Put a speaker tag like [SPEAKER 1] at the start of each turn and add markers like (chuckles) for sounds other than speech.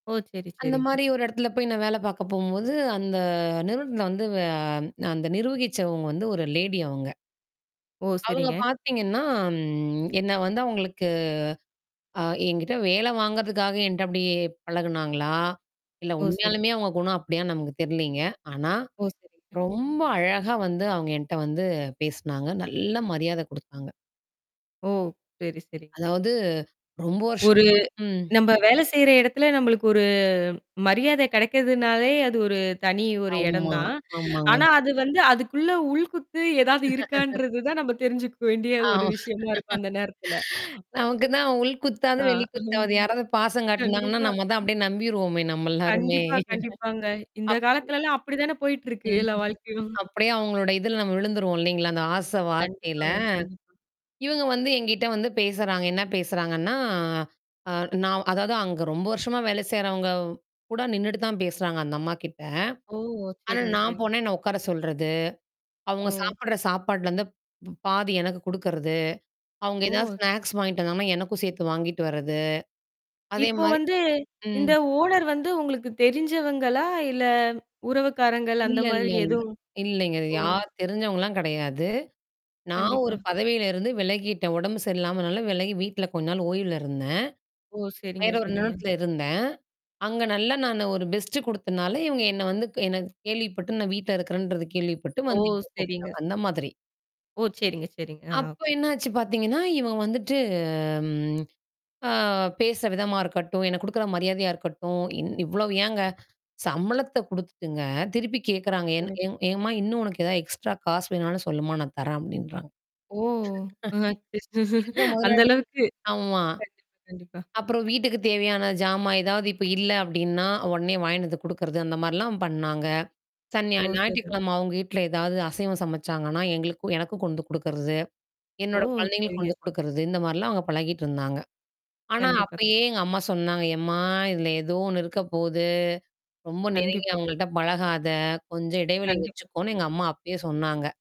[SPEAKER 1] ஓ! சரி,
[SPEAKER 2] அந்த
[SPEAKER 1] சரிங்க.
[SPEAKER 2] மாரி ஒரு இடத்துல போய் நான் வேல பார்க்க போம்போது, அந்த நிறுவனத்த வந்து, அ அந்த நிர்வகிச்சவங்க வந்து ஒரு லேடி அவங்க.
[SPEAKER 1] ஓ!
[SPEAKER 2] அவங்க
[SPEAKER 1] சரிங்க.
[SPEAKER 2] பார்த்தீங்கன்னா, என்ன வந்து அவங்களுக்கு அ என்கிட்ட வேல வாங்குறதுக்காக என்ட்ட அப்டி பழகுனாங்களா? இல்ல
[SPEAKER 1] ஓ! சரி.
[SPEAKER 2] உண்மையாலுமே அவங்க குணம் அப்டியா நமக்கு தெர்லைங்க. ஆனா.
[SPEAKER 1] ஓ! சரி.
[SPEAKER 2] ரொம்ப அழகா வந்து அவங்க என்ட்ட வந்து பேசனாங்க. நல்ல மரியாதை குடுத்தாங்க.
[SPEAKER 1] ஓ! சரி, சரி.
[SPEAKER 2] அதாவது ரொம்ப
[SPEAKER 1] ஒரு
[SPEAKER 2] வருஷமா ம்.
[SPEAKER 1] நம்ப வேலை செய்ற இடத்துல நம்மளுக்கு ஒரு, மரியாதை கிடைக்கிறதுனாலே அது ஒரு தனி ஒரு இடம்
[SPEAKER 2] ஆமா.
[SPEAKER 1] தான்.
[SPEAKER 2] ஆமாங்க.
[SPEAKER 1] ஆனா அது வந்து அதுக்குள்ள உள் குத்து ஏதாவது
[SPEAKER 2] (laughs)
[SPEAKER 1] இருக்கான்றது தான் நம்ம தெரிஞ்சுக்க வேண்டிய
[SPEAKER 2] ஆ.
[SPEAKER 1] ஒரு விஷயமா இருக்கும் அந்த நேரத்துல.
[SPEAKER 2] நமக்கு தான் உள் குத்தாது,
[SPEAKER 1] ஆ
[SPEAKER 2] வெளி
[SPEAKER 1] (chuckles)
[SPEAKER 2] குத்தாவது. யாராவது பாசம் காட்டுனாங்கன்னா,
[SPEAKER 1] கண்டிப்பா.
[SPEAKER 2] நம்ம தான் அப்டியியே நம்பிருவோமே, நம்ம எல்லாருமே!
[SPEAKER 1] கண்டிப்பா, கண்டிப்பாங்க. இந்த
[SPEAKER 2] அப்
[SPEAKER 1] காலத்துலல்லாம் அப்டி தானே போயிட்டுருக்கு. எல்லா
[SPEAKER 2] ம்.
[SPEAKER 1] வாழ்க்கையும். (chuckles)
[SPEAKER 2] அப்டியியே அவங்களோட இதுல நம்ம விழுந்துருவோம் இல்லைங்களா? அந்த ஆசை வார்த்தையில.
[SPEAKER 1] கண்டிப்பாங்க. கண்டிப்பா.
[SPEAKER 2] இவங்க வந்து என்கிட்ட வந்து பேசுறாங்க. என்ன பேசுறாங்கன்னா, அ நான் அதாவது அங்க ரொம்ப வருஷமா வேல செய்றவங்க கூட நின்னுட்டு தான் பேசுறாங்க. அந்த அம்மாகிட்ட.
[SPEAKER 1] ஓ!
[SPEAKER 2] ஆனா
[SPEAKER 1] சரிங்க,
[SPEAKER 2] நான்
[SPEAKER 1] சரிங்க.
[SPEAKER 2] போன என்ன உட்கார சொல்றது. அவங்க
[SPEAKER 1] ஓ.
[SPEAKER 2] சாப்பிடுற சாப்பாட்டுலருந்து. ப பாதி எனக்கு குடுக்கறது. அவுங்க ஏதாவது
[SPEAKER 1] ஓ!
[SPEAKER 2] ஸ்நாக்ஸ் வாங்கிட்டு வந்தாங்கன்னா, எனக்கும் சேர்த்து வாங்கிட்டு வர்றது. அதே
[SPEAKER 1] இப்போ
[SPEAKER 2] மாரி
[SPEAKER 1] வந்து இந்த
[SPEAKER 2] ம்.
[SPEAKER 1] ஓனர் வந்து உங்களுக்கு தெரிஞ்சவங்களா? இல்ல உறவுக்காரங்கள் அந்த
[SPEAKER 2] இல்ல, இல்ல,
[SPEAKER 1] மாரி
[SPEAKER 2] இல்ல
[SPEAKER 1] எதுவும்?
[SPEAKER 2] இல்லைங்க. அது
[SPEAKER 1] ஒ.
[SPEAKER 2] யார் தெரிஞ்சவங்கலாம் கிடையாது. நான்
[SPEAKER 1] கண்டிப்பா.
[SPEAKER 2] ஒரு பதவியில இருந்து விலகிட்டேன். உடம்பு சரியில்லாமனால விலகி வீட்ல கொஞ்சம் நாள் ஓய்வுல இருந்தேன்.
[SPEAKER 1] ஓ! சரிங்க,
[SPEAKER 2] வேற ஒரு
[SPEAKER 1] சரிங்க.
[SPEAKER 2] நிருவனத்துல இருந்தேன். அங்க நல்லா நானு ஒரு பெஸ்ட்டு குடுத்தனால இவங்க என்ன வந்து என கேள்விப்பட்டு நான் வீட்ல இருக்கிறேன்றது கேள்விப்பட்டு
[SPEAKER 1] ஓ!
[SPEAKER 2] வந்து இவங்க
[SPEAKER 1] சரிங்க.
[SPEAKER 2] கூப்புட்டாங்க. அந்த மாதிரி.
[SPEAKER 1] ஓ! சரிங்க, சரிங்க. ஆ,
[SPEAKER 2] அப்போ
[SPEAKER 1] ஓகே.
[SPEAKER 2] என்னாச்சு பார்த்தீங்கன்னா, இவங்க வந்துட்டு ம் அ பேசுற விதமா இருக்கட்டும், எனக்கு குடுக்குற மரியாதையா இருக்கட்டும். இ இவ்வளோ ஏன்ங்க. சம்பளத்த குடுத்துட்டுங்க, திருப்பி கேட்குறாங்க. என்
[SPEAKER 1] கண்டிப்
[SPEAKER 2] என்-எம்மா இன்னும் உனக்கு ஏதாவது எக்ஸ்ட்ரா காசு வேணுனாலும் சொல்லுமா, நான் தர்றேன் அப்டின்றாங்க.
[SPEAKER 1] ஓ! அ அச்ச
[SPEAKER 2] (chuckles) எந்த
[SPEAKER 1] அந்த
[SPEAKER 2] முதலாளி
[SPEAKER 1] அளவுக்கு.
[SPEAKER 2] ஆமா.
[SPEAKER 1] கண்டிப்பா, கண்டிப்பா.
[SPEAKER 2] அப்புறம் வீட்டுக்கு தேவையான ஜாமான் ஏதாவது இப்ப இல்ல அப்டின்னா, உடனே வாங்கினு வந்து குடுக்குறது அந்த மாரிலாம் பண்ணாங்க. சநா
[SPEAKER 1] ஓ! சரி.
[SPEAKER 2] ஞாயிற்றுக்கிழமை அவங்க வீட்ல ஏதாவது அசைவம் சமைச்சாங்கன்னா, எங்களுக்கு எனக்கும் கொண்டுண்டு குடுக்கறது.
[SPEAKER 1] ஓ!
[SPEAKER 2] என்னோட குழந்தைகளுக்கு
[SPEAKER 1] சரிங்க.
[SPEAKER 2] கொண்டு குடுக்கறது. இந்த மாரிலாம் அவங்க பழகிட்டு இருந்தாங்க. ஆனா
[SPEAKER 1] கண்டிப்பா, கண்டிப்
[SPEAKER 2] அப்பயே எங்க அம்மா சொன்னாங்க, எம்மா இதுல ஏதோ ஒண்ணு இருக்க போது. ரொம்ப நெருங்கி
[SPEAKER 1] கண்டிப்பா, கண்டிப்
[SPEAKER 2] அவங்கள்ட்ட பழகாத. கொஞ்சம் இடைவெளி
[SPEAKER 1] கண்டிப்பா.
[SPEAKER 2] வச்சுக்கோனு எங்க அம்மா அப்பயே சொன்னாங்க.